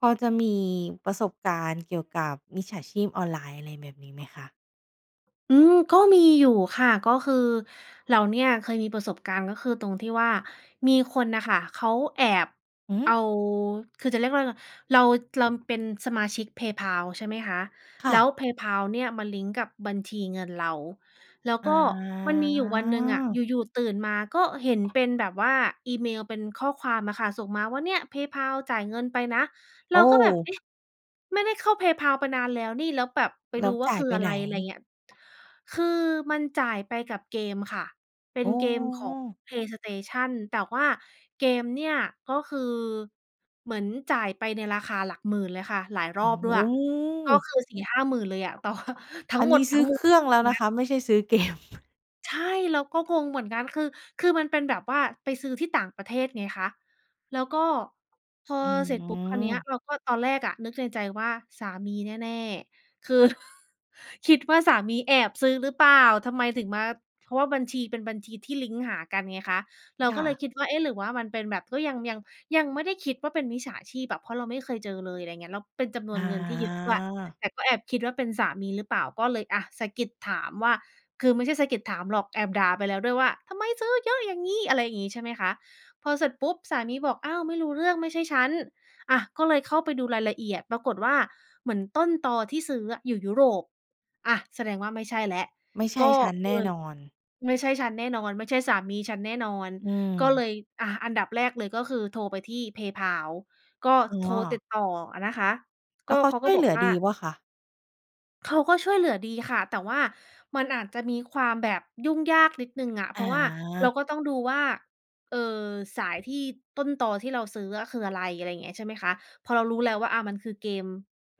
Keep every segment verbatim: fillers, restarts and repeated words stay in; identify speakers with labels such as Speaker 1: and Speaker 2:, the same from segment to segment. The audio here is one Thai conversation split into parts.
Speaker 1: พอจะมีประสบการณ์เกี่ยวกับมิจฉาชีพออนไลน์อะไรแบบนี้ไหมคะ?
Speaker 2: อืม ก็มีอยู่ค่ะ ก็คือเราเนี่ย เคยมีประสบการณ์ ก็คือตรงที่ว่า มีคนน่ะค่ะเขาแอบ
Speaker 1: หื
Speaker 2: เอา
Speaker 1: อ?
Speaker 2: คือจะเรียกว่าไรล่ะ เรารำเป็นสมาชิก PayPal ใช่ไหมคะ
Speaker 1: ค่
Speaker 2: แล้
Speaker 1: ะ
Speaker 2: ว PayPal เนี่ยมันลิงก์กับบัญชีเงินเรา แล้ว
Speaker 1: อ
Speaker 2: ก็มันมีอยู่วันหนึ่งอะ
Speaker 1: า
Speaker 2: อยู่ ๆ ตื่นมาก็เห็นเป็นแบบว่า อีเมลเป็นข้อความอะค่ะส่งมาว่า "เนี่ย PayPal จ่ายเงินไปนะ"
Speaker 1: โ
Speaker 2: เร
Speaker 1: อ
Speaker 2: า
Speaker 1: ้!
Speaker 2: ก็แบบ เอ๊ะ! ไม่ได้เข้า PayPal ไปนานแล้วนี่ แล้วแบบไป
Speaker 1: แล
Speaker 2: ด
Speaker 1: ้
Speaker 2: ู
Speaker 1: ว
Speaker 2: ว่
Speaker 1: จ
Speaker 2: า
Speaker 1: ่า
Speaker 2: ค
Speaker 1: ย
Speaker 2: ือ
Speaker 1: ไป
Speaker 2: อะ
Speaker 1: ไ
Speaker 2: ไ
Speaker 1: ห
Speaker 2: ร
Speaker 1: น?
Speaker 2: ไรเงี้ย คือมันจ่ายไปกับเกมค่ะ เป็
Speaker 1: อ
Speaker 2: น
Speaker 1: ๋
Speaker 2: เกมของ
Speaker 1: อ!
Speaker 2: PlayStation แต่ว่าเกมเนี่ย ก็คือเหมือนจ่ายไปในราคาหลักหมื่นเลยค่ะ หลายร
Speaker 1: โอ
Speaker 2: อ
Speaker 1: ้
Speaker 2: บ
Speaker 1: โ
Speaker 2: ด้วย ก็
Speaker 1: ฮ!
Speaker 2: คือ สี่ห้าหมื่น เลยอะ แต่ว่า ทั้
Speaker 1: อั
Speaker 2: ง
Speaker 1: น
Speaker 2: หม
Speaker 1: นี
Speaker 2: ด
Speaker 1: ้ซ
Speaker 2: ทั
Speaker 1: ื
Speaker 2: ้
Speaker 1: ้
Speaker 2: ง
Speaker 1: อ
Speaker 2: ม
Speaker 1: เ
Speaker 2: ว
Speaker 1: ค
Speaker 2: ล
Speaker 1: รื่อ
Speaker 2: พ
Speaker 1: ง
Speaker 2: ว
Speaker 1: แล้ว
Speaker 2: กเน
Speaker 1: น
Speaker 2: ี
Speaker 1: ะ
Speaker 2: ้ย
Speaker 1: คะ ไม่ใช่ซื้อ เกม
Speaker 2: ใช่ เราก็งงเหมือนกัน คือ คือมันเป็นแบบว่า ไปซื้อที่ต่างประเทศไงคะ แล้วก็พอ
Speaker 1: อื
Speaker 2: เสร็จปุ๊บคราวเนี้ย
Speaker 1: ม
Speaker 2: เราก็ ตอนแรกอะนึกในใจว่าสามีแน่ ๆ คือ คิดว่าสามีแอบซื้อหรือเปล่า ทำไมถึงมา เพราะว่าบัญชีเป็นบัญชีที่ลิงก์หากันไงคะ เรา
Speaker 1: ค
Speaker 2: ก
Speaker 1: ่
Speaker 2: ็เล
Speaker 1: ะ
Speaker 2: ยคิดว่า เอ๊ะ! หรือว่ามันเป็นแบบ ก็ยัง ยัง ยังไม่ได้คิดว่าเป็นมิจฉาชีพอะ เพราะเราไม่เคยเจอเลย ไรเงี้ย แล้วเป็นจำน
Speaker 1: อ
Speaker 2: วนเงินที่เยอะด้วย
Speaker 1: า
Speaker 2: แต่ก็แอบคิดว่าเป็นสามีหรือเปล่า ก็เลย อา สะกิดถามว่า คือไม่ใช่สะกิดถามหรอก แอบด่าไปแล้วด้วยว่า "ทำไมซื้อเยอะอย่างงี้!" อะไรอี้ ใช่ไหมคะ พอเสร็จปุ๊บ สามีบอก "อ้าว! ไม่รู้เรื่อง ไม่ใช่ฉัน" อา ก็เลยเข้าไปดูรายละเอียดปรากฏว่า เหมือนต้นตอที่ซื้ออะอยู่ยุโรป อา แสดงว่าไม่ใช่แล้ว
Speaker 1: ไม่ใช
Speaker 2: ก
Speaker 1: ่
Speaker 2: ็
Speaker 1: ฉันแน
Speaker 2: เล
Speaker 1: ่
Speaker 2: ย
Speaker 1: นอน
Speaker 2: ไม่ใช่ฉันแน่นอน ไม่ใช่สามีฉันแน่นอน
Speaker 1: อื
Speaker 2: ก็เล
Speaker 1: ม
Speaker 2: ย อา อันดับแรกเลย ก็คือโทรไปที่ PayPal ก็
Speaker 1: อ๋
Speaker 2: โทรติ
Speaker 1: อ
Speaker 2: ดต่ออะนะคะ
Speaker 1: แ
Speaker 2: ก
Speaker 1: ล้
Speaker 2: ็
Speaker 1: วเขา
Speaker 2: เขา
Speaker 1: ช
Speaker 2: ก็
Speaker 1: ่วย
Speaker 2: บ
Speaker 1: เห
Speaker 2: อ
Speaker 1: ล
Speaker 2: ก
Speaker 1: ือ
Speaker 2: ว่า
Speaker 1: ดีว่าคะ?
Speaker 2: เขาก็ช่วยเหลือดีค่ะ แต่ว่ามันอาจจะมีความแบบยุ่งยากนิดหนึ่งอะ เพราะว่าเรา
Speaker 1: อา
Speaker 2: ก็ต้องดูว่า เอ่อ สายที่ต้นตอที่เราซื้ออะคืออะไร อะไรอย่างเงี้ย ใช่ไหมคะ พอเรารู้แล้วว่า อะ มันคือเกม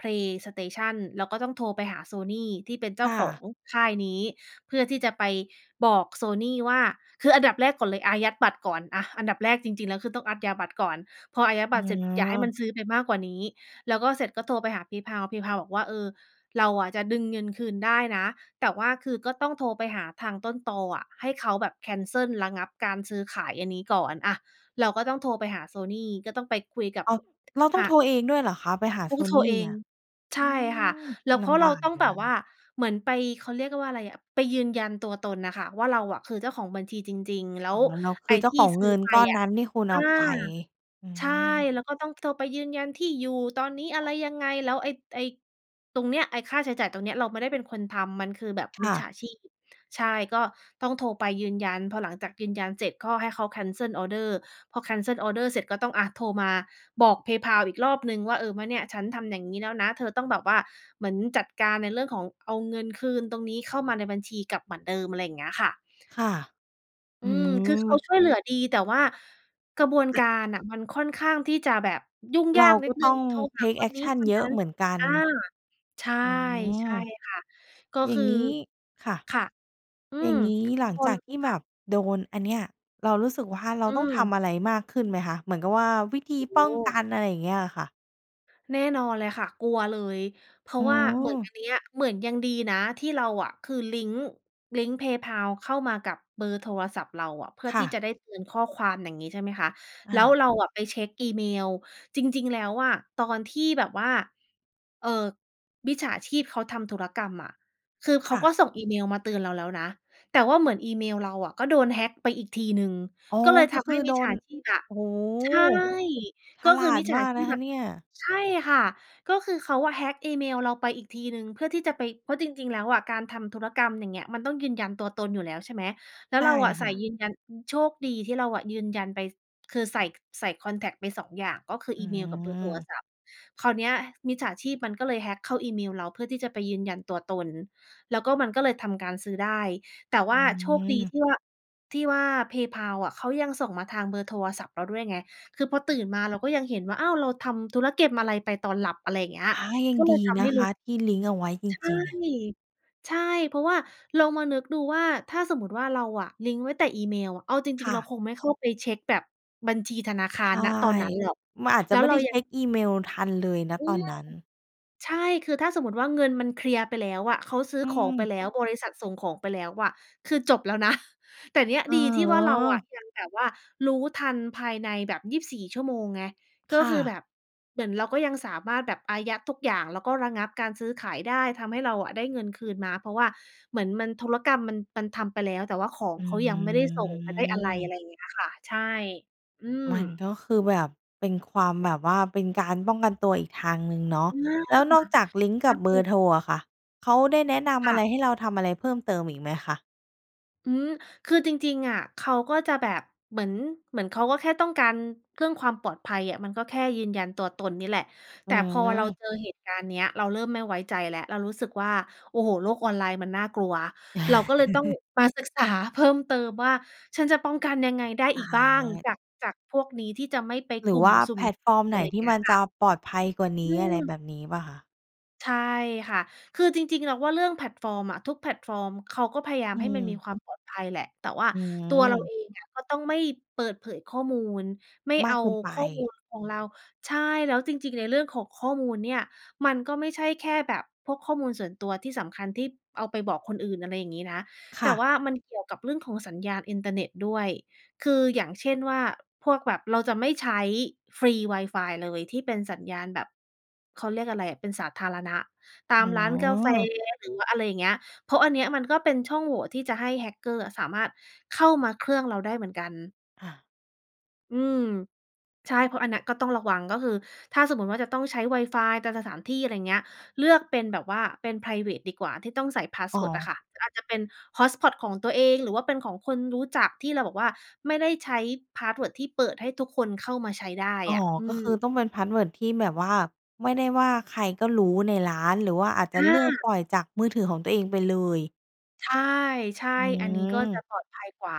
Speaker 2: PlayStation เราก็ต้องโทรไปหา Sony ที่เป็นเจ
Speaker 1: ค
Speaker 2: ้า
Speaker 1: ่
Speaker 2: ขอ
Speaker 1: ะ
Speaker 2: งค่ายนี้ เพื่อที่จะไปบอก Sony ว่า คืออันดับแรกก่อนเลยอายัดบัตรก่อน อา อันดับแรกจริง ๆ แล้ว คือต้องอั๊ดยา บัตรก่อน พออายัดบ
Speaker 1: อ๋
Speaker 2: ัตรเสร็จ อย่าให้
Speaker 1: อ
Speaker 2: มันซื้อไปมากกว่านี้ แล้วก็เสร็จก็โทรไปหา PayPal PayPal บอกว่า "เออ เราอะจะดึงเงินคืนได้นะ แต่ว่าคือก็ต้องโทรไปหาทางต้นตออะ ให้เขาแบบแคนเซิลระงับการซื้อขายอันนี้ก่อน" อา เราก็ต้องโทรไปหา Sony ก็ต้องไปคุยกับ
Speaker 1: อ้าว เราต้
Speaker 2: ท
Speaker 1: อ
Speaker 2: ท
Speaker 1: ง
Speaker 2: า
Speaker 1: โทรเองด้วยเหรอคะ? ไปหา
Speaker 2: ต้องโทร
Speaker 1: Sony
Speaker 2: เอ
Speaker 1: เนี
Speaker 2: ง
Speaker 1: ่ย
Speaker 2: ใช
Speaker 1: อื
Speaker 2: ่ค่ะ
Speaker 1: ม
Speaker 2: แล้ว เ
Speaker 1: ล
Speaker 2: พราะ
Speaker 1: ำ
Speaker 2: เ
Speaker 1: บ
Speaker 2: รา
Speaker 1: าก
Speaker 2: ต้อ
Speaker 1: อ
Speaker 2: ง
Speaker 1: ยู่
Speaker 2: แบ
Speaker 1: น
Speaker 2: บ
Speaker 1: ะ
Speaker 2: ว
Speaker 1: ค
Speaker 2: ่า
Speaker 1: ะ
Speaker 2: เหมือนไป เขาเรียกว่าไรอะ ไปยืนยันตัวตนน่ะค่ะว่า เราอะคือเจ้าของบัญชีจริง ๆ แล้
Speaker 1: อ๋อ
Speaker 2: ว
Speaker 1: เราค
Speaker 2: ไอ
Speaker 1: ื
Speaker 2: ้
Speaker 1: อเจ้
Speaker 2: ท
Speaker 1: าข
Speaker 2: ี่
Speaker 1: อง
Speaker 2: ซ
Speaker 1: เง
Speaker 2: ื้อ
Speaker 1: ิน
Speaker 2: ไป
Speaker 1: ก้อน
Speaker 2: อ
Speaker 1: น
Speaker 2: ะ
Speaker 1: ั้นที่คุณ
Speaker 2: อ
Speaker 1: เอ
Speaker 2: า
Speaker 1: าไป อื
Speaker 2: ใช่
Speaker 1: ม
Speaker 2: แล้วก็ต้องโทรไปยืนยันที่อยู่ ตอนนี้อะไรยังไง แล้วไอ้ ไอ้ตรงเนี้ย ไอ้ค่าใช้จ่ายตรงเนี้ยเราไม่ได้เป็นคนทำ มันคือแบบ
Speaker 1: ค
Speaker 2: มิ
Speaker 1: ่
Speaker 2: จฉ
Speaker 1: ะ
Speaker 2: าชีพ ใช่ ก็ต้องโทรไปยืนยัน พอหลังจากยืนยันเสร็จ ก็ให้เขาแคนเซิลออร์เดอร์ พอแคนเซิลออร์เดอร์เสร็จก็ต้อง อา โทรมาบอก PayPal อีกรอบหนึ่งว่า เออ ว่า เนี่ยฉันทำอย่างงี้แล้วนะ เธอต้องแบบว่าเหมือนจัดการในเรื่องของเอาเงินคืนตรงนี้เข้ามาในบัญชีกลับเหมือนเดิม อะไรอย่างเงี้ยค่ะ
Speaker 1: ค่ะ
Speaker 2: อ
Speaker 1: อ
Speaker 2: ื
Speaker 1: ื
Speaker 2: ม คือ
Speaker 1: ม
Speaker 2: เข
Speaker 1: ม
Speaker 2: าช่วยเหลือดี แต่ว่ากระบวน
Speaker 1: แล
Speaker 2: ก
Speaker 1: ะ
Speaker 2: ารน่ะ มันค่อนข้างที่จะแบบยุ่ง
Speaker 1: เ
Speaker 2: ย
Speaker 1: ร
Speaker 2: า
Speaker 1: า
Speaker 2: กนิ
Speaker 1: ก็
Speaker 2: ดหนึ
Speaker 1: ต
Speaker 2: ่
Speaker 1: ้
Speaker 2: ง
Speaker 1: อง
Speaker 2: โทร
Speaker 1: เ
Speaker 2: ห
Speaker 1: ท
Speaker 2: า
Speaker 1: ก
Speaker 2: ค
Speaker 1: แอ
Speaker 2: น
Speaker 1: ก
Speaker 2: นี้
Speaker 1: ชัน
Speaker 2: คน
Speaker 1: เยอ
Speaker 2: นั
Speaker 1: ะ
Speaker 2: ้น
Speaker 1: เหมือนกัน
Speaker 2: อา ใช่
Speaker 1: อื
Speaker 2: ใช
Speaker 1: ม
Speaker 2: ่ค่ะ ก็
Speaker 1: อย่
Speaker 2: ค
Speaker 1: า
Speaker 2: ื
Speaker 1: ง
Speaker 2: อ
Speaker 1: งี้ ค่ะ
Speaker 2: ค่ะ อื
Speaker 1: อย่
Speaker 2: ม
Speaker 1: างงี้หลัง
Speaker 2: ค
Speaker 1: จ
Speaker 2: น
Speaker 1: ากที่
Speaker 2: ค
Speaker 1: แบ
Speaker 2: ่ะ
Speaker 1: บโดนอันเนี้ย เรารู้สึกว่า เรา
Speaker 2: อื
Speaker 1: ต้องท
Speaker 2: ม
Speaker 1: ำอะไรมากขึ้นไหมคะ? เหมือนกับว่าวิธ
Speaker 2: โ
Speaker 1: ี
Speaker 2: อ้โ
Speaker 1: ป้อง
Speaker 2: ฮ!
Speaker 1: กัน อะไรอย่างเงี้ยค่ะ
Speaker 2: แน่นอนเลยค่ะ กลัวเลย เพรา
Speaker 1: โอ
Speaker 2: ะ
Speaker 1: ้
Speaker 2: ว่า
Speaker 1: โ
Speaker 2: เหมือน
Speaker 1: ฮ
Speaker 2: อันเนี้ย เหมือนยังดีนะที่เราอะ คือลิงก์ ลิงก์ PayPal เข้ามากับเบอร์โทรศัพท์เราอะ เพื่อ
Speaker 1: ค่
Speaker 2: ที่
Speaker 1: ะ
Speaker 2: จะได้เตือนข้อความ อย่างงี้ ใช่ไหมคะ
Speaker 1: อ
Speaker 2: แล้ว
Speaker 1: า
Speaker 2: เราอะไปเช็กอีเมล จริง ๆ แล้วอะตอนที่แบบว่า เอ่อ มิจฉาชีพเขาทำธุรกรรมอะ คือเข
Speaker 1: ค
Speaker 2: า
Speaker 1: ่ะ
Speaker 2: ก็ส่งอีเมลมาเตือนเราแล้วนะ แต่ว่าเหมือนอีเมลเราอะ ก็โดน hack ไปอีกทีหนึ่ง
Speaker 1: อ๋อ
Speaker 2: ก็เลย
Speaker 1: ก
Speaker 2: ท
Speaker 1: ็ค
Speaker 2: ำใ
Speaker 1: ื
Speaker 2: ห
Speaker 1: อ
Speaker 2: ้
Speaker 1: โ
Speaker 2: ม
Speaker 1: ด
Speaker 2: ิจฉ
Speaker 1: น
Speaker 2: าชีพอะ
Speaker 1: โอ้โฮ!
Speaker 2: ใช่
Speaker 1: ฉ
Speaker 2: ก็
Speaker 1: ล
Speaker 2: ค
Speaker 1: า
Speaker 2: ือม
Speaker 1: ด
Speaker 2: ิจฉ
Speaker 1: ม
Speaker 2: า
Speaker 1: าก
Speaker 2: ช
Speaker 1: น
Speaker 2: ี
Speaker 1: ะ
Speaker 2: พ
Speaker 1: คะ
Speaker 2: อะ
Speaker 1: เนี่ย
Speaker 2: ใช่ค่ะ ก็คือเขาอะ hack อีเมลเราไปอีกทีหนึ่งเพื่อที่จะไป เพราะจริง ๆ แล้วอะการทำธุรกรรม อย่างเงี้ย มันต้องยืนยันตัวตนอยู่แล้ว ใช่ไหม แล้
Speaker 1: ใ
Speaker 2: ว
Speaker 1: ช่
Speaker 2: เราอะใ
Speaker 1: ค
Speaker 2: ส่
Speaker 1: ่ะ
Speaker 2: ยืนยัน โชคดีที่เราอะยืนยันไป ส คือใส่ ใส่คอนแท็กต์ไป สอง อย่าง ก็คือ
Speaker 1: อื
Speaker 2: อีเมลกับเบอร์โทร
Speaker 1: ม
Speaker 2: ศัพท์ คราวเนี้ยมิจฉาชีพมันก็เลย hack เข้าอีเมลเราเพื่อที่จะไปยืนยันตัวตน แล้วก็มันก็เลยทำการซื้อได้ แต่
Speaker 1: อ
Speaker 2: ว
Speaker 1: ื
Speaker 2: ่าโชคดี
Speaker 1: ม
Speaker 2: ที่ว่า ที่ว่า PayPal อะ เขายังส่งมาทางเบอร์โทรศัพท์เราด้วยไง คือพอตื่นมาเราก็ยังเห็นว่า อ้าว เราทำธุรเก็ม อะไรไปตอนหลับ อะไรอย่างเงี้ย
Speaker 1: ฮะ ยั
Speaker 2: ก
Speaker 1: ง
Speaker 2: ็เล
Speaker 1: ด
Speaker 2: ย
Speaker 1: ี
Speaker 2: ทำ
Speaker 1: น
Speaker 2: ให้
Speaker 1: ะค
Speaker 2: รู้
Speaker 1: ะที่ลิงก์เอาไว้ จ
Speaker 2: ใช่
Speaker 1: ริง ๆ อะ
Speaker 2: ใช่ เพราะว่าลองมานึกดูว่า ถ้าสมมุติว่า เราอะลิงก์ไว้แต่อีเมล เอาจริ
Speaker 1: ค
Speaker 2: ง
Speaker 1: ่
Speaker 2: ๆ เรา
Speaker 1: ะ
Speaker 2: คงไม่เข้าไปเช็กแบบบัญชีธนาค
Speaker 1: ใ
Speaker 2: า
Speaker 1: ช
Speaker 2: ร
Speaker 1: ่
Speaker 2: ณ ตอนนั้น หรอก
Speaker 1: มันอาจจ
Speaker 2: แล
Speaker 1: ะ
Speaker 2: ้
Speaker 1: ไ
Speaker 2: ว
Speaker 1: ม่
Speaker 2: เร
Speaker 1: ไ
Speaker 2: า
Speaker 1: ด้เช
Speaker 2: ยัง
Speaker 1: ็กอีเมลทันเลย ณ
Speaker 2: อื
Speaker 1: ตอน
Speaker 2: ม
Speaker 1: นั้น
Speaker 2: ใช่ คือถ้าสมมุติว่าเงินมันเคลียร์ไปแล้วอะ เขาซื้อ
Speaker 1: อื
Speaker 2: ของไป
Speaker 1: ม
Speaker 2: แล้ว บริษัทส่งของไปแล้วอะ คือจบแล้ว นะ แต่เนี่ย
Speaker 1: เออ
Speaker 2: ดีที่
Speaker 1: อ๋
Speaker 2: ว่า เราอะ
Speaker 1: อ
Speaker 2: ยังแบบว่ารู้ทันภายในแบบ ยีบสี่ ชั่วโมงไง ก็
Speaker 1: ค่
Speaker 2: คือ
Speaker 1: ะ
Speaker 2: แบบเหมือนเราก็ยังสามารถแบบอายัดทุกอย่าง แล้วก็ระงับการซื้อขายได้ ทำให้เราอะได้เงินคืนมา เพราะว่าเหมือนมัน ธุรกรรมมัน มันทำไปแล้ว แต่ว่าของ
Speaker 1: อื
Speaker 2: เขายังไม่ได้ส่ง ไม่ได้อะไร อะ
Speaker 1: ม
Speaker 2: ไรอย่างเงี้ยค่ะ ใช่ อืม
Speaker 1: มันก็คือแบบเป็นความแบบว่า เป็นการป้องกันตัวอีกทางหนึ่งเนาะ
Speaker 2: อา!
Speaker 1: แล้วนอกจากลิงก์
Speaker 2: ถ
Speaker 1: ก
Speaker 2: ้
Speaker 1: ั
Speaker 2: า
Speaker 1: บเบ
Speaker 2: เป
Speaker 1: อ
Speaker 2: ็
Speaker 1: ร
Speaker 2: น
Speaker 1: ์โทรอะค่ะ เขาได้แนะน
Speaker 2: ค
Speaker 1: ำอ
Speaker 2: ่
Speaker 1: ะ
Speaker 2: ะ
Speaker 1: ไรให้เราทำอะไรเพิ่มเติมอีกไหมคะ?
Speaker 2: อืม คือจริง ๆ อะ เขาก็จะแบบเหมือน เหมือนเขาก็แค่ต้องการเรื่องความปลอดภัยอะ มันก็แค่ยืนยันตัวตนนี่แหละ
Speaker 1: อ
Speaker 2: แต
Speaker 1: ื
Speaker 2: ่พอเรา
Speaker 1: ม
Speaker 2: เจอเหตุการณ์เนี้ย เราเริ่มไม่ไว้ใจแล้ว เรารู้สึกว่า โอ้โฮ! โลกออนไลน์มันน่ากลัว เราก็เลยต้องมาศึกษาเพิ่มเติมว่า ฉันจะป้องกันยังไงได้อ
Speaker 1: อ
Speaker 2: ีกบ้าง
Speaker 1: า
Speaker 2: จาก จากพวกนี้ที่จะไม่ไป
Speaker 1: หร
Speaker 2: ก
Speaker 1: ื
Speaker 2: ล
Speaker 1: อ
Speaker 2: ุ่
Speaker 1: ว
Speaker 2: ม
Speaker 1: ่า
Speaker 2: สุ่
Speaker 1: แพ
Speaker 2: ม
Speaker 1: ลตฟอร์ม
Speaker 2: เสี่ยง
Speaker 1: ไ
Speaker 2: อะ
Speaker 1: หน
Speaker 2: ไร
Speaker 1: ที
Speaker 2: เง
Speaker 1: ่
Speaker 2: ี้
Speaker 1: ม
Speaker 2: ย
Speaker 1: ัน
Speaker 2: ค
Speaker 1: จ
Speaker 2: ่
Speaker 1: ะ
Speaker 2: ะ
Speaker 1: ปลอดภัยกว่าน
Speaker 2: อื
Speaker 1: ี้ อะไร
Speaker 2: ม
Speaker 1: แบบนี้เปล่าคะ?
Speaker 2: ใช่ค่ะ คือจริง ๆ เราว่าเรื่องแพลตฟอร์มอะ ทุกแพลตฟอร์มเขาก็พยายา
Speaker 1: อ
Speaker 2: ม
Speaker 1: ื
Speaker 2: ให้มันมี
Speaker 1: ม
Speaker 2: ความปลอดภัยแหละ แต่ว่า
Speaker 1: อ
Speaker 2: ตัวเรา
Speaker 1: ืม
Speaker 2: เองอะก็ต้องไม่เปิดเผยข้อมูล ไม่
Speaker 1: มา
Speaker 2: เอ
Speaker 1: ก
Speaker 2: า
Speaker 1: เกินไป
Speaker 2: ข้อมูลของเรา ใช่ แล้วจริง ๆ ในเรื่องของข้อมูลเนี่ย มันก็ไม่ใช่แค่แบบพวกข้อมูลส่วนตัวที่สำคัญที่เอาไปบอกคนอื่น อะไรอย่างงี้นะ
Speaker 1: ค
Speaker 2: แต
Speaker 1: ่
Speaker 2: ่ว
Speaker 1: ะ
Speaker 2: ่ามันเกี่ยวกับเรื่องของสัญญาณอินเทอร์เน็ตด้วย คืออย่างเช่นว่า พวกแบบ เราจะไม่ใช้ฟรีวายฟายเลยที่เป็นสัญญาณแบบ เขาเรียกอะไรอะ เป็นสาธารณะ ต
Speaker 1: อ
Speaker 2: าม
Speaker 1: ๋
Speaker 2: ร้านกาแฟ
Speaker 1: อ
Speaker 2: หรือว่าอะไรอย่างเงี้ย เพราะอันเนี้ย มันก็เป็นช่องโหว่ที่จะให้ hacker อะสามารถเข้ามาเครื่องเราได้เหมือนกัน
Speaker 1: อา
Speaker 2: อืม ใช่ เพราะอันนั้นก็ต้องระวัง ก็คือถ้าสมมุติว่าจะต้องใช้วายฟายตามสถามที่ ไรเงี้ย เลือกเป็นแบบว่าเป็นไพรเวตดีกว่า ที่ต้องใส่พาส
Speaker 1: อ๋
Speaker 2: เ
Speaker 1: อ
Speaker 2: วิร์ดอะค่ะ หรืออาจจะเป็น hotspot ของตัวเอง หรือว่าเป็นของคนรู้จักที่เราบอกว่า ไม่ได้ใช้พาสเวิร์ดที่เปิดให้ทุกคนเข้ามาใช้ได้
Speaker 1: อ๋อ
Speaker 2: อะ อื
Speaker 1: ก็ค
Speaker 2: ม
Speaker 1: ือต้องเป็นพาสเวิร์ดที่แบบว่า ไม่ได้ว่าใครก็รู้ในร้าน หรือว่าอาจจ
Speaker 2: อ
Speaker 1: ะเลือกป
Speaker 2: า!
Speaker 1: ล่อยจากมือถือของตัวเองไปเลย
Speaker 2: ใช่
Speaker 1: อื
Speaker 2: ๆ อันนี้ก็จ
Speaker 1: ม
Speaker 2: ะปลอดภัยกว่า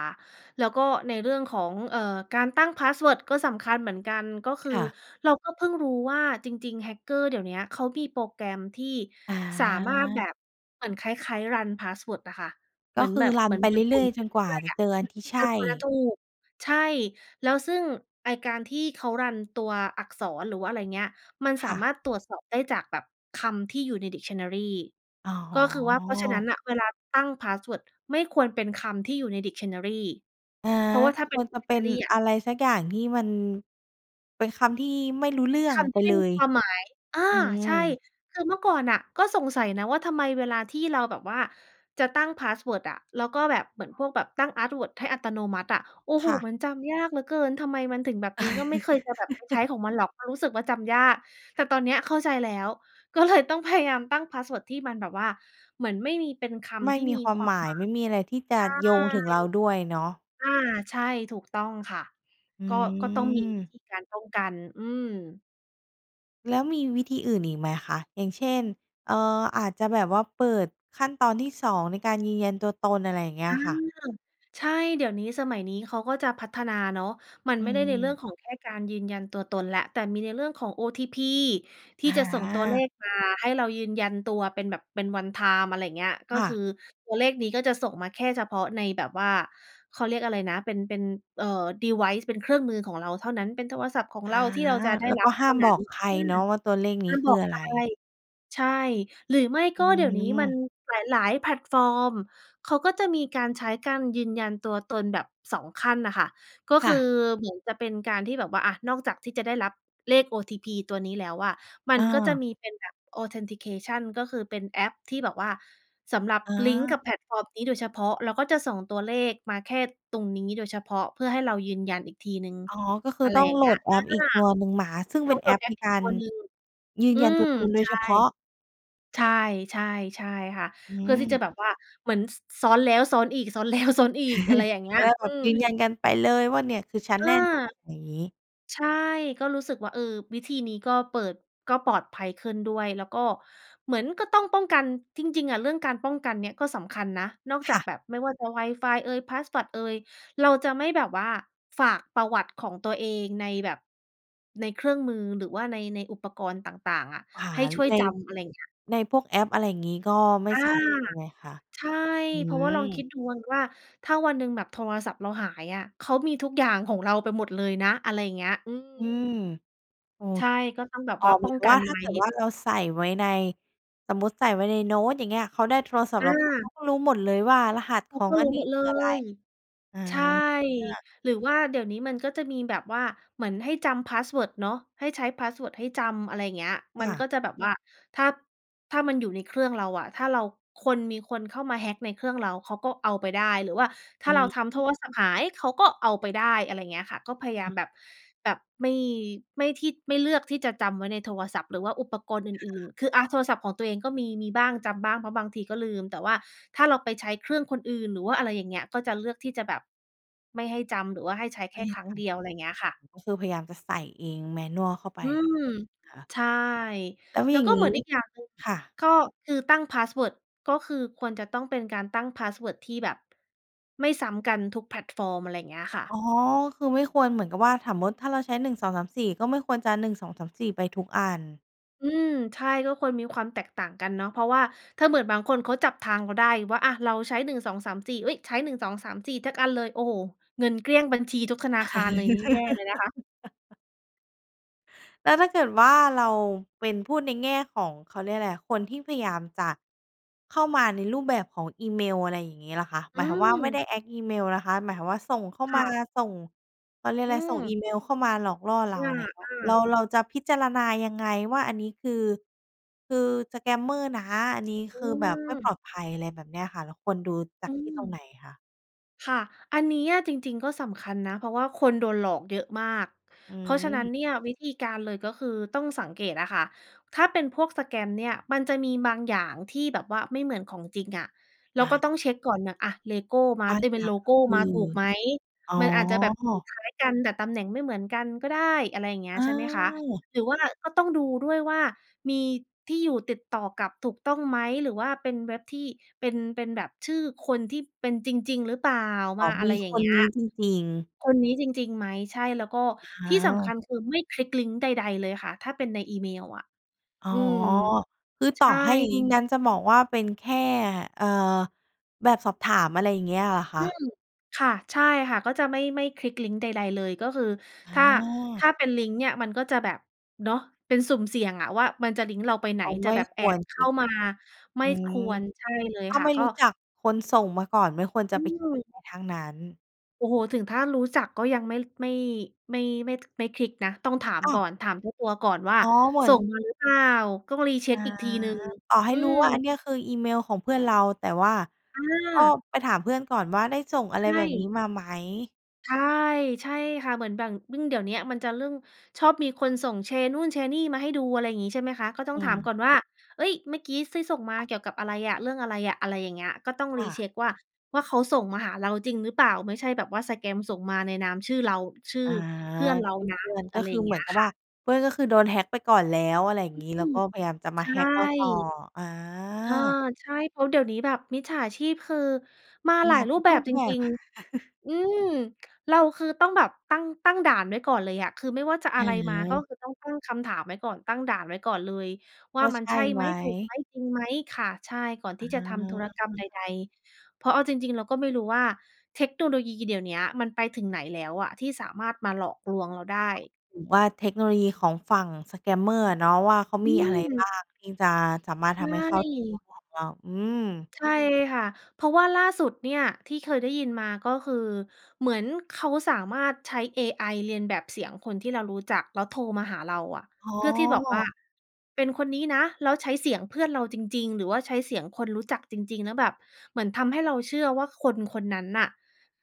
Speaker 2: แล้วก็ในเรื่องของ เอ่อ การตั้งพาสเวิร์ดก็สำคัญเหมือนกัน ก็คือ
Speaker 1: ค่ะ
Speaker 2: เราก็เพิ่งรู้ว่าจริง ๆ hacker เดี๋ยวเนี้ย เขามีโปรแกรมที่
Speaker 1: อ
Speaker 2: สามารถแบ
Speaker 1: า
Speaker 2: บเหมือนคล้าย ๆ รันพาสเวิร์ดอะค่ะ เ
Speaker 1: ก
Speaker 2: หม
Speaker 1: ็
Speaker 2: ือน
Speaker 1: คื
Speaker 2: แบ
Speaker 1: อ
Speaker 2: บ
Speaker 1: รั
Speaker 2: เห
Speaker 1: น
Speaker 2: มือน
Speaker 1: ไป
Speaker 2: ห
Speaker 1: เ
Speaker 2: ม
Speaker 1: รื
Speaker 2: ุ
Speaker 1: ่อ
Speaker 2: น
Speaker 1: ย
Speaker 2: ๆ
Speaker 1: ๆ
Speaker 2: ไ
Speaker 1: จ
Speaker 2: ป
Speaker 1: น
Speaker 2: เร
Speaker 1: กว่า
Speaker 2: ื่อย
Speaker 1: จ
Speaker 2: ๆ
Speaker 1: ะ
Speaker 2: อะ
Speaker 1: เจอ
Speaker 2: อื
Speaker 1: อัน
Speaker 2: อ
Speaker 1: ที่ใช
Speaker 2: จน
Speaker 1: ่
Speaker 2: กว่าจะถูก ใช่ แล้วซึ่งไอ้การที่เขารันตัวอักษร หรือว่าอะไรเงี้ย มัน
Speaker 1: ค
Speaker 2: สา
Speaker 1: ่
Speaker 2: ม
Speaker 1: ะ
Speaker 2: ารถตรวจสอบได้จากแบบ คำที่อยู่ใน dictionary
Speaker 1: อ๋
Speaker 2: ก็คือว่า เพราะฉะนั้
Speaker 1: อ
Speaker 2: นน่ะเวลาตั้งพาสเวิร์ดไม่ควรเป็นคำที่อยู่ใน dictionary
Speaker 1: อา
Speaker 2: เพราะว่า
Speaker 1: ก
Speaker 2: ถ
Speaker 1: ็
Speaker 2: ้าเ
Speaker 1: ค
Speaker 2: ป็น
Speaker 1: วรจะเป็น
Speaker 2: dictionary อะ
Speaker 1: อะไรสักอย่าง ที่มัน เป็นคำที่ไม่รู้เรื่อ
Speaker 2: ค
Speaker 1: ง
Speaker 2: ำ
Speaker 1: ไ
Speaker 2: ท
Speaker 1: ป
Speaker 2: ี่ไม
Speaker 1: เล
Speaker 2: ่มี
Speaker 1: ย
Speaker 2: ความหมาย อา
Speaker 1: อื
Speaker 2: ใช่
Speaker 1: ม
Speaker 2: คือเมื่อก่อนน่ะก็สงสัยนะว่า ทำไมเวลาที่เราแบบว่าจะตั้งพาสเวิร์ดอะ แล้วก็แบบเหมือนพวกแบบตั้งอาร์ตเวิร์ด ให้อัตโนมัติอะ โอ้โ
Speaker 1: ค
Speaker 2: ฮ!
Speaker 1: ่ะ
Speaker 2: มันจำยากเหลือเกิน ทำไมมันถึงแบบนี้ ก็ไม่เคยจะแบบไปใช้ของมันหรอก เพราะรู้สึกว่าจำยาก แต่ตอนเนี้ยเข้าใจแล้ว ก็เลย ต้องพยายามตั้งพาสเวิร์ด ที่มันแบบว่าเหมือนไม่มีเป็นค
Speaker 1: ไม่
Speaker 2: ำที่
Speaker 1: มี
Speaker 2: มี
Speaker 1: ควา
Speaker 2: ค
Speaker 1: ม
Speaker 2: วา
Speaker 1: หม
Speaker 2: ม
Speaker 1: า
Speaker 2: ห
Speaker 1: ย
Speaker 2: มา
Speaker 1: ไม่มีอะไรที่จะโยงถึง
Speaker 2: ย
Speaker 1: เราด้วยเนาะ
Speaker 2: ใช่ อา ใช่ ถูกต้องค่ะ
Speaker 1: อื
Speaker 2: ก็ ก็ต้องมีวิ
Speaker 1: อ
Speaker 2: ธีการป้องกัน อืม
Speaker 1: แล้วมีวิธีอื่นอีกไหมคะ? อย่างเช่น เอ่อ อาจจะแบบว่า เปิดขั้นตอนที่ สอง ในการยืนยันตัวตน อะไรอย่างเงี้
Speaker 2: อื
Speaker 1: ย
Speaker 2: ม
Speaker 1: ค่ะ
Speaker 2: ใช่ เดี๋ยวนี้สมัยนี้เขาก็จะพัฒนาเนาะ มัน
Speaker 1: อื
Speaker 2: ไม่ได้ในเรื่อง
Speaker 1: ม
Speaker 2: ของแค่การยืนยันตัวตนแล้ว แต่มีในเรื่องของ OTP ที
Speaker 1: อ
Speaker 2: ่จะส่งตัวเล
Speaker 1: า!
Speaker 2: ขมาให้เรายืนยันตัวเป็นแบบ เป็น One-Time อะไรเงี้ย ก็
Speaker 1: ค่
Speaker 2: คื
Speaker 1: ะ
Speaker 2: อตัวเลขนี้ก็จะส่งมาแค่เฉพาะในแบบว่า เขาเรียกอะไรนะ เป็น เป็น อ่า Device เป็นเครื่องมือของเราเท่านั้น เป็นโทรศัพท์ของ
Speaker 1: อ
Speaker 2: เรา
Speaker 1: า!
Speaker 2: ที่เราจะได้
Speaker 1: แล้ว
Speaker 2: รั
Speaker 1: ก
Speaker 2: บ
Speaker 1: ็ห
Speaker 2: เท
Speaker 1: ้า
Speaker 2: ่า
Speaker 1: ม
Speaker 2: น
Speaker 1: บ
Speaker 2: ั้น
Speaker 1: อกใคร
Speaker 2: อื
Speaker 1: เ
Speaker 2: ม
Speaker 1: นาะว่าตัวเลข
Speaker 2: ห
Speaker 1: น
Speaker 2: ้
Speaker 1: ี
Speaker 2: า
Speaker 1: ้
Speaker 2: ม
Speaker 1: ค
Speaker 2: บ
Speaker 1: ื
Speaker 2: อ
Speaker 1: อ
Speaker 2: ก
Speaker 1: อ
Speaker 2: ใ
Speaker 1: ะ
Speaker 2: ค
Speaker 1: ไ
Speaker 2: ร
Speaker 1: ร
Speaker 2: ใช่ หรือไม่
Speaker 1: อ
Speaker 2: ก
Speaker 1: ื
Speaker 2: ็เดี๋ยวนี้มัน
Speaker 1: ม
Speaker 2: หลาย ๆ แพลตฟอร์มเขาก็จะมีการใช้การยืนยันตัวตนแบบ สอง ขั้นน่ะค่ะ ก็
Speaker 1: ค
Speaker 2: ค
Speaker 1: ่
Speaker 2: ือ
Speaker 1: ะ
Speaker 2: เหมือนจะเป็นการที่แบบว่า อา นอกจากที่จะได้รับ เลข OTP ตัวนี้แล้วอะ มั
Speaker 1: อ
Speaker 2: นก็จะ
Speaker 1: า
Speaker 2: มีเป็นแบบ Authentication ก็คือเป็นแอปที่แบบว่า สำหรับ
Speaker 1: อ
Speaker 2: ลิงก์
Speaker 1: า
Speaker 2: กับแพลตฟอร์มนี้โดยเฉพาะ เราก็จะส่งตัวเลขมาแค่ตรงนี้โดยเฉพาะ เพื่อให้เรายืนยันอีกทีหนึ่ง
Speaker 1: อ๋อ ก็คื
Speaker 2: อ
Speaker 1: อ
Speaker 2: ะไร
Speaker 1: ต้อ
Speaker 2: อ
Speaker 1: ง
Speaker 2: ย่า
Speaker 1: โ
Speaker 2: ง
Speaker 1: หล
Speaker 2: เงี้ย
Speaker 1: ดแอ
Speaker 2: อา
Speaker 1: ปอีกตัวหนึ่งมา ซึ่ง
Speaker 2: ต
Speaker 1: เป
Speaker 2: ้
Speaker 1: ็
Speaker 2: อง
Speaker 1: น
Speaker 2: โ
Speaker 1: แ
Speaker 2: หล
Speaker 1: อ
Speaker 2: ด
Speaker 1: ป
Speaker 2: แอ๊
Speaker 1: ใน
Speaker 2: ก อี
Speaker 1: ก
Speaker 2: ก
Speaker 1: า
Speaker 2: ตั
Speaker 1: ร
Speaker 2: วหนึ่ง
Speaker 1: ยื
Speaker 2: อ
Speaker 1: น
Speaker 2: ื
Speaker 1: ยันตั
Speaker 2: ม
Speaker 1: วตนโด
Speaker 2: ใช
Speaker 1: ยเฉ
Speaker 2: ่
Speaker 1: พาะ
Speaker 2: ใช่ ๆ ๆ ค่ะ
Speaker 1: อื
Speaker 2: เพื่อที่จ
Speaker 1: ม
Speaker 2: ะแบบว่าเหมือน ซ ซ้อนแล้วซ้อนอีก ซ้อน แล้ว ซ้อนอีก อะไรอย่างเงี้
Speaker 1: จะ
Speaker 2: ย
Speaker 1: ได้
Speaker 2: อ
Speaker 1: แ
Speaker 2: ื
Speaker 1: บบ
Speaker 2: อ
Speaker 1: ยืนยันกันไปเลยว่า "เนี่ย คือฉัน
Speaker 2: อ
Speaker 1: แ
Speaker 2: า!
Speaker 1: น่นอน" อย่างงี้
Speaker 2: ใช่ ก็รู้สึกว่า เออ วิธีนี้ก็เปิด ก็ปลอดภัยขึ้นด้วย แล้วก็เหมือนก็ต้องป้องกัน จริง ๆ อะ เรื่องการป้องกันเนี่ยก็สำคัญนะ นอก
Speaker 1: ค
Speaker 2: จา
Speaker 1: ่
Speaker 2: ก
Speaker 1: ะ
Speaker 2: แบบ ไม่ว่าจะ Wi-Fi เอย passpot เอย เราจะไม่แบบว่าฝากประวัติของตัวเองในแบบ ในเครื่องมือ หรือว่าใน ในอุปกรณ์ต่าง ๆ อะ
Speaker 1: อา
Speaker 2: ให้ช่วย
Speaker 1: ใน
Speaker 2: จำ อะไรเงี้ย
Speaker 1: ในพวกแอป อะไรอย่างนี้ ก็ไม่
Speaker 2: อา!
Speaker 1: ใส่ใช่ไหมคะ?
Speaker 2: ใช่
Speaker 1: อื
Speaker 2: เพราะว่าลองคิ
Speaker 1: ม
Speaker 2: ดดูวังว่า ถ้าวันหนึ่งแบบโทรศัพท์เราหายอะ เขามีทุกอย่างของเราไปหมดเลยนะ อะไรอย่างเงี้ย อื
Speaker 1: อื
Speaker 2: ม
Speaker 1: ม โอ
Speaker 2: ใช่
Speaker 1: เค
Speaker 2: ก็ต้องแบบ
Speaker 1: อ๋อ
Speaker 2: ว่า
Speaker 1: เห
Speaker 2: ป
Speaker 1: มื
Speaker 2: ้
Speaker 1: อ
Speaker 2: อ
Speaker 1: น
Speaker 2: ง
Speaker 1: กับ
Speaker 2: กั
Speaker 1: ว่
Speaker 2: น
Speaker 1: า ถ้
Speaker 2: ไ
Speaker 1: า
Speaker 2: ว้
Speaker 1: เกิดว่าเราใส่ไว้ใน สมมุติใส่ไว้ในโน้ต อย่างเงี้ย เขาได้โทรศัพท
Speaker 2: อ
Speaker 1: ์เราไป เข
Speaker 2: า!
Speaker 1: าก็รู้หมดเลยว่า รหัส
Speaker 2: เข
Speaker 1: ข
Speaker 2: า
Speaker 1: อ
Speaker 2: ก
Speaker 1: ง
Speaker 2: ็
Speaker 1: อ
Speaker 2: ร
Speaker 1: ั
Speaker 2: ู
Speaker 1: น
Speaker 2: ้
Speaker 1: นี
Speaker 2: ห
Speaker 1: ้
Speaker 2: มด
Speaker 1: ค
Speaker 2: เ
Speaker 1: ื
Speaker 2: ล
Speaker 1: ออะไร
Speaker 2: ย
Speaker 1: อา!
Speaker 2: ใช่ หรือว่าเดี๋ยวนี้มันก็จะมีแบบว่า เหมือนให้จำพาสเวิร์ดเนาะ ให้ใช้พาสเวิร์ดให้จำ อะไรเงี้ย
Speaker 1: ค
Speaker 2: มั
Speaker 1: ่
Speaker 2: น
Speaker 1: ะ
Speaker 2: ก็จะแบบว่า ถ้า ถ้ามันอยู่ในเครื่องเราอะ ถ้าเรา คน มีคนเข้ามา hack ในเครื่องเรา เขาก็เอาไปได้ หรือว่าถ้
Speaker 1: อื
Speaker 2: าเราทำโท
Speaker 1: ม
Speaker 2: รศัพท์หาย เขาก็เอาไปได้ อะไรเงี้ยค่ะ ก็พยาย
Speaker 1: อ
Speaker 2: า
Speaker 1: ื
Speaker 2: ม
Speaker 1: ม
Speaker 2: แบบ แบบไม่ ไม่ที่ ไม่เลือกที่จะจำไว้ในโทรศัพท์ หรือว่าอุปกรณ์อ
Speaker 1: ค
Speaker 2: ื่น
Speaker 1: ่ะ
Speaker 2: ๆ คือ อา โทรศัพท์ของตัวเองก็มี มีบ้างจำบ้าง เพราะบางทีก็ลืม แต่ว่าถ้าเราไปใช้เครื่องคนอื่น หรือว่าอะไรอย่างเงี้ย ก็จะเลือกที่จะแบบ ไม่ให้จำหรือว่าให้ใช้
Speaker 1: ไ
Speaker 2: แ
Speaker 1: ม
Speaker 2: ค
Speaker 1: ่
Speaker 2: ่
Speaker 1: ให้
Speaker 2: ครั้
Speaker 1: ท
Speaker 2: งเดียว อะไรเงี้ยค่ะ
Speaker 1: ำ ก็คือพยายามจะใส่เอง manual เข้าไป
Speaker 2: อื
Speaker 1: เหร
Speaker 2: ม!
Speaker 1: อ?
Speaker 2: ใช่
Speaker 1: แล้ว
Speaker 2: แล
Speaker 1: อ
Speaker 2: ้
Speaker 1: ย่
Speaker 2: ว
Speaker 1: าง
Speaker 2: ก็
Speaker 1: ง
Speaker 2: เห
Speaker 1: ี
Speaker 2: ม
Speaker 1: ้
Speaker 2: ือนอีกอย่างหนึ่ง
Speaker 1: ค่ะ
Speaker 2: ก็คือตั้งพาสเวิร์ด ก็คือควรจะต้องเป็นการตั้งพาสเวิร์ดที่แบบ ไม่ซ้ำกันทุกแพลตฟอร์ม อะไรเงี้ยค่
Speaker 1: อ๋
Speaker 2: ะ
Speaker 1: อ คือไม่ควรเหมือนกับว่า สมมุติถ้าเราใช้ หนึ่งสองสามสี่ ก็ไม่ควรจะ หนึ่งสองสามสี่ ไปทุกอัน
Speaker 2: อืม ใช่ ก็ควรมีความแตกต่างกันเนาะ เพราะว่าถ้าเหมือนบางคนเขาจับทางเราได้ว่า อา เราใช้ หนึ่งสองสามสี่ เฮ้ย! ใช้ หนึ่งสองสามสี่ เทอะ อันเลย โอ้โฮ! เงินเกลี้ยงบัญชีทุกธนาคารเลยนี่แย่เลยนะคะ
Speaker 1: แล้วถ้าเกิดว่าเราเป็น พูดในแง่ของ เขาเรียกอะไรอะ คนที่พยายามจะ เข้ามาในรูปแบบของอีเมลอะไรอย่างนี้ล่ะคะ? หม
Speaker 2: อื
Speaker 1: ายถึงว่าไม่ได
Speaker 2: ม!
Speaker 1: ้ act อีเมลนะคะ หมายถึงว่าส่งเข้า
Speaker 2: ค
Speaker 1: ม
Speaker 2: ่
Speaker 1: า
Speaker 2: ะ
Speaker 1: ส่ง เขาเรียก
Speaker 2: อ
Speaker 1: อ
Speaker 2: ื
Speaker 1: ะไร ส่งอี
Speaker 2: ม
Speaker 1: เมลเข้ามาหลอกล่อเร
Speaker 2: อ
Speaker 1: า
Speaker 2: า
Speaker 1: ไรอย่างเงี้ย เรา
Speaker 2: ๆ
Speaker 1: เราจะพิจารณายังไงว่า อันนี้คือ คือ สแกมเมอร์ นะ อันนี้
Speaker 2: อื
Speaker 1: คือแบบไม่ป
Speaker 2: ม
Speaker 1: ลอดภัย อะไรแบบเนี้ยค่ะ เราควรดูจา
Speaker 2: อื
Speaker 1: กที่ตรงไห
Speaker 2: ม
Speaker 1: นคะ?
Speaker 2: ค่ะ อันนี้อะจริง ๆ ก็สำคัญนะ เพราะว่าคนโดนหลอกเยอะมาก
Speaker 1: อื
Speaker 2: เพราะฉะนั้น
Speaker 1: ม
Speaker 2: เนี่ย วิธีการเลยก็คือ ต้องสังเกตอะค่ะ ถ้าเป็นพวก สแกม เนี่ย มันจะมีบางอย่างที่แบบว่าไม่เหมือนของจริงอะ เรา
Speaker 1: อ
Speaker 2: ก็
Speaker 1: า
Speaker 2: ต้องเช็กก่อนน่ะ "อา เลโก้มา
Speaker 1: บาง
Speaker 2: ต เป
Speaker 1: อ
Speaker 2: ็
Speaker 1: ย
Speaker 2: น
Speaker 1: ่า
Speaker 2: โล
Speaker 1: งก
Speaker 2: โ
Speaker 1: ็
Speaker 2: ก
Speaker 1: ค
Speaker 2: ม
Speaker 1: ื
Speaker 2: า
Speaker 1: อ
Speaker 2: ถูกไหม?
Speaker 1: อ๋อ
Speaker 2: มันอาจจะแบบสีคล้ายกัน แต่ตำแหน่งไม่เหมือนกันก็ได้" อะไรอย่างเงี้
Speaker 1: อ
Speaker 2: ย ใช่ไหมคะ
Speaker 1: า!
Speaker 2: หรือว่าก็ต้องดูด้วยว่า "มีที่อยู่ติดต่อกลับถูกต้องไหม? หรือว่าเป็นเว็บที่เป็น เป็นแบบชื่อคนที่เป็นจริง ๆ หรือเปล่า?"
Speaker 1: อ
Speaker 2: ม
Speaker 1: ๋อ
Speaker 2: าอ
Speaker 1: ม
Speaker 2: ะไ
Speaker 1: ี
Speaker 2: รอย่
Speaker 1: ค
Speaker 2: างเ
Speaker 1: น
Speaker 2: งี้
Speaker 1: น
Speaker 2: ย
Speaker 1: ี้จริง ๆ
Speaker 2: "คนนี้จริง ๆ ไหม?" ใช่ แล้วก็
Speaker 1: อ
Speaker 2: ที่สำ
Speaker 1: า
Speaker 2: คัญคือ ไม่คลิกลิงก์ใด ๆ เลยค่ะ ถ้าเป็นในอีเมลอะ
Speaker 1: อ๋อ!
Speaker 2: อืม
Speaker 1: คือ
Speaker 2: ใ
Speaker 1: ต
Speaker 2: ช
Speaker 1: ่อ
Speaker 2: ่
Speaker 1: ให้ งั้นจะบอกว่าเป็นแค่ เอ่อ แบบสอบถาม อะไรเงี้ยเหรอค
Speaker 2: อื
Speaker 1: ะ?
Speaker 2: ม ค่ะ ใช่ค่ะ ก็จะไม่ ไม่คลิกลิงก์ใด ๆ เลย ก็คือ
Speaker 1: อ
Speaker 2: ถ้า ถ
Speaker 1: า!
Speaker 2: ้าเป็นลิงก์เนี่ย มันก็จะแบบ เนาะ เป็นสุ่มเสี่ยงอะว่ามันจะลิงก์เราไปไหน
Speaker 1: อ๋อ
Speaker 2: จ
Speaker 1: ไ
Speaker 2: ะ
Speaker 1: ม่
Speaker 2: แบบ
Speaker 1: ค
Speaker 2: แอ
Speaker 1: วร
Speaker 2: บเข
Speaker 1: คล
Speaker 2: ้
Speaker 1: ิ
Speaker 2: า
Speaker 1: ก
Speaker 2: มา ไม
Speaker 1: อ
Speaker 2: ่
Speaker 1: ื
Speaker 2: ค ค
Speaker 1: ม
Speaker 2: วร ใช่เลย
Speaker 1: ถ้า
Speaker 2: ค่
Speaker 1: ไ
Speaker 2: ะ
Speaker 1: ม่
Speaker 2: ก็
Speaker 1: รู้จักคนส่งมาก่อน ไม่ควรจ
Speaker 2: อ
Speaker 1: ะ
Speaker 2: ื
Speaker 1: ไปค
Speaker 2: ม!
Speaker 1: ลิกทั้งนั้น
Speaker 2: โอ้โฮ ถึงถ้ารู้จักก็ยังไม่ ไม่ ไม่ ไม่ ท ไม่คลิกนะ ต้องถาม
Speaker 1: อ้า
Speaker 2: ก
Speaker 1: ว!
Speaker 2: ่อน ถามเจ้าตัวก่อนว่า
Speaker 1: อ๋อ เหมือ
Speaker 2: "ส่
Speaker 1: น
Speaker 2: งมาหรือเปล่า?" ก้อง
Speaker 1: อ
Speaker 2: recheck
Speaker 1: า
Speaker 2: อีกทีหนึ่ง
Speaker 1: ต่อให
Speaker 2: อ
Speaker 1: ้
Speaker 2: ื
Speaker 1: รู้
Speaker 2: อ
Speaker 1: ว่าอันเนี้ยคือ อีเมลของเพื่อนเรา แต่ว่า
Speaker 2: อ
Speaker 1: ก็
Speaker 2: า!
Speaker 1: ไปถามเพื่อนก่อนว่า ได้ส่งอะ
Speaker 2: ใ
Speaker 1: ไ
Speaker 2: ช
Speaker 1: รแบบนี้
Speaker 2: ่
Speaker 1: มาไหม?
Speaker 2: ใช่ ใช่ค่ะ เหมือนบ่าง ยิ่งเดี๋ยวนี้มันจะเรื่อง ชอบมีคนส่ง แชร์นู่นแชร์นี่มาให้ดู อะไรงี้ ใช่ไหมคะ ก็ต้
Speaker 1: อ
Speaker 2: อง
Speaker 1: ื
Speaker 2: ถาม
Speaker 1: ม
Speaker 2: ก่อนว่า "เฮ้ย เมื่อกี้ซี่ส่งมา เกี่ยวกับอะไรอะ เรื่องอะไรอะ?" อะไรอย่างเงี้ย ก็ต้อง
Speaker 1: ค่ะ
Speaker 2: recheck ว่า ว่าเขาส่งมาหาเราจริงหรือเปล่า ไม่ใช่แบบว่า สแกม ส่งมาในนามชื่อเรา ชื่
Speaker 1: อ
Speaker 2: อ
Speaker 1: า
Speaker 2: เพื่อนเรา
Speaker 1: ชื่อ
Speaker 2: นะ
Speaker 1: เพื่อน ก
Speaker 2: อ
Speaker 1: ็
Speaker 2: ะไร
Speaker 1: ค
Speaker 2: อ
Speaker 1: ื
Speaker 2: ย
Speaker 1: อ
Speaker 2: ่างเ
Speaker 1: เ
Speaker 2: ง
Speaker 1: หม
Speaker 2: ี
Speaker 1: ื
Speaker 2: ้
Speaker 1: อน
Speaker 2: ย
Speaker 1: กับ
Speaker 2: ค
Speaker 1: ว
Speaker 2: ่
Speaker 1: ่
Speaker 2: ะ
Speaker 1: า เพื่อนก็คือโดน hack ไปก่อนแล้ว อะไรอย่าง
Speaker 2: อื
Speaker 1: งี้ แล้ว
Speaker 2: ม
Speaker 1: ก็พยายามจะม
Speaker 2: ใช
Speaker 1: า hack เราต่อ
Speaker 2: ่
Speaker 1: อา!
Speaker 2: เออ ใช่ เพราะเดี๋ยวนี้แบบมิจฉาชีพคือ มาห
Speaker 1: ม
Speaker 2: ลา
Speaker 1: า
Speaker 2: ยร
Speaker 1: ท
Speaker 2: ู
Speaker 1: ุ
Speaker 2: ป
Speaker 1: ก
Speaker 2: แบ
Speaker 1: รู
Speaker 2: บ
Speaker 1: ป
Speaker 2: จ
Speaker 1: แบ
Speaker 2: ร
Speaker 1: บ
Speaker 2: ิง ๆ อือ เราคือต้องแบบตั้ง ตั้งด่านไว้ก่อนเลยอะ คือไม่ว่าจะอ
Speaker 1: อื
Speaker 2: ะไร
Speaker 1: อ
Speaker 2: มา
Speaker 1: ฮ
Speaker 2: ก็
Speaker 1: ึ
Speaker 2: คือต้องตั้งคำถามไว้ก่อน ตั้งด่านไว้ก่อนเลยว
Speaker 1: ว
Speaker 2: ่า
Speaker 1: ่า
Speaker 2: ม
Speaker 1: ใ
Speaker 2: ั
Speaker 1: ช
Speaker 2: นใ
Speaker 1: ่
Speaker 2: ช่
Speaker 1: ไ
Speaker 2: ไ
Speaker 1: ห
Speaker 2: ห
Speaker 1: ม?
Speaker 2: ม ถูกไหม จริงไหม ค่ะ ใช่ ก่อนท
Speaker 1: อ
Speaker 2: ี่จะทำธุรกรรม
Speaker 1: า
Speaker 2: ใด ๆ เพราะเอาจริง ๆ เราก็ไม่รู้ว่าเทคโนโลยีเดี๋ยวนี้มันไปถึงไหนแล้วอะ ที่สามารถมาหลอกลวงเราได้
Speaker 1: อ๋อ หรือว่าเทคโนโลยีของฝั่ง สแกมเมอร์ อะเนาะว่า เขา
Speaker 2: อ
Speaker 1: มี
Speaker 2: ื
Speaker 1: อะไรบ้
Speaker 2: ม!
Speaker 1: างที่จะสามารถ
Speaker 2: ใช
Speaker 1: ทำให้เข้าโทร
Speaker 2: ่
Speaker 1: ศัพท์เรา อืม
Speaker 2: ใช่ค่ะ เพราะว่าล่าสุดเนี่ยที่เคยได้ยินมา ก็คือเหมือนเขาสามารถใช้เอไอเลียนแบบเสียงคนที่เรารู้จักแล้วโทรมาหาเราอะ
Speaker 1: อ๋
Speaker 2: เพื่อที่บอกว่า
Speaker 1: อ!
Speaker 2: เป็นคนนี้นะ แล้วใช้เสียงเพื่อนเราจริง ๆ หรือว่าใช้เสียงคนรู้จักจริง ๆ แล้วแบบเหมือนทำให้เราเชื่อว่าคนคนนั้นน่ะ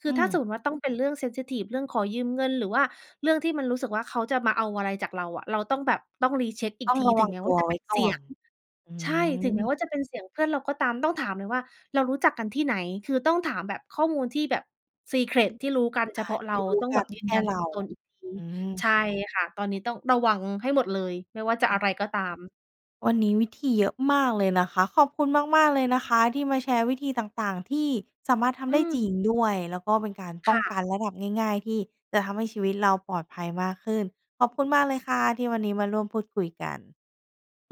Speaker 2: คื
Speaker 1: อื
Speaker 2: อถ้าสม
Speaker 1: ม
Speaker 2: มุติว่าต้องเป็นเรื่อง เซนซิทิฟ เรื่องขอยืมเงิน หรือว่าเรื่องที่มันรู้สึกว่า เขาจะมาเอาอะไรจากเราอะ เราต้องแบบ ต้อง recheck อี
Speaker 1: ต
Speaker 2: ก
Speaker 1: ้อง
Speaker 2: ที
Speaker 1: ระ
Speaker 2: ถ
Speaker 1: ว
Speaker 2: ึ
Speaker 1: ั
Speaker 2: ง
Speaker 1: ง
Speaker 2: แม้
Speaker 1: ต
Speaker 2: ว่
Speaker 1: ั
Speaker 2: า
Speaker 1: ว
Speaker 2: จะ
Speaker 1: ไ
Speaker 2: เ
Speaker 1: ว
Speaker 2: ป
Speaker 1: ้
Speaker 2: ็นเ
Speaker 1: ก
Speaker 2: ส
Speaker 1: ่
Speaker 2: ี
Speaker 1: อ
Speaker 2: ยง
Speaker 1: น อื
Speaker 2: ใช่ ถึงแม้
Speaker 1: ม
Speaker 2: ว่าจะเป็นเสียงเพื่อนเราก็ตาม ต้องถามเลยว่า "เรารู้จักกันที่ไหน?" คือต้องถามแบบข้อมูลที่แบบ ซีเคร็
Speaker 1: อื
Speaker 2: ต
Speaker 1: ม
Speaker 2: ท
Speaker 1: ห
Speaker 2: ี่รู้กันเฉพา
Speaker 1: า
Speaker 2: ะ
Speaker 1: ท
Speaker 2: เร
Speaker 1: ี
Speaker 2: า
Speaker 1: ่รู้
Speaker 2: ต้อง
Speaker 1: ก
Speaker 2: แ
Speaker 1: ั
Speaker 2: บบ
Speaker 1: น
Speaker 2: ยื
Speaker 1: แค
Speaker 2: นย
Speaker 1: ่
Speaker 2: ัน
Speaker 1: เร
Speaker 2: ตั
Speaker 1: า
Speaker 2: วตนอีกที
Speaker 1: อื
Speaker 2: ใ
Speaker 1: ม
Speaker 2: ช่ค่ะ ตอนนี้ต้องระวังให้หมดเลย ไม่ว่าจะ
Speaker 1: อ้
Speaker 2: อ
Speaker 1: อ
Speaker 2: ะไรก็ตาม
Speaker 1: วันนี้วิธีเยอะมากเลยนะคะ ขอบคุณมาก ๆ เลยนะคะ ที่มาแชร์วิธีต่าง ๆ ที่สามารถท
Speaker 2: อ
Speaker 1: ำได
Speaker 2: ื
Speaker 1: ้จริ
Speaker 2: ม
Speaker 1: งด้วย แล้วก็เป็นการป
Speaker 2: ค
Speaker 1: ้อ
Speaker 2: ่
Speaker 1: งก
Speaker 2: ะ
Speaker 1: ันระดับง่าย ๆ ที่จะทำให้ชีวิตเราปลอดภัยมากขึ้น ขอบคุณมากเลยค่ะ ที่วันนี้มาร่วมพูดคุยกัน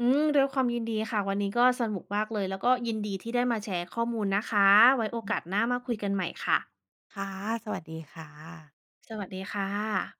Speaker 2: อืม ด้วยความยินดีค่ะ วันนี้ก็สนุกมากเลย แล้วก็ยินดีที่ได้มาแชร์ข้อมูลนะคะ ไว้โอ
Speaker 1: อื
Speaker 2: ก
Speaker 1: ม
Speaker 2: าสหน้ามาคุยกันใหม่ค่ะ
Speaker 1: ค่ะ สวัสดีค่ะ
Speaker 2: สวัสดีค่ะ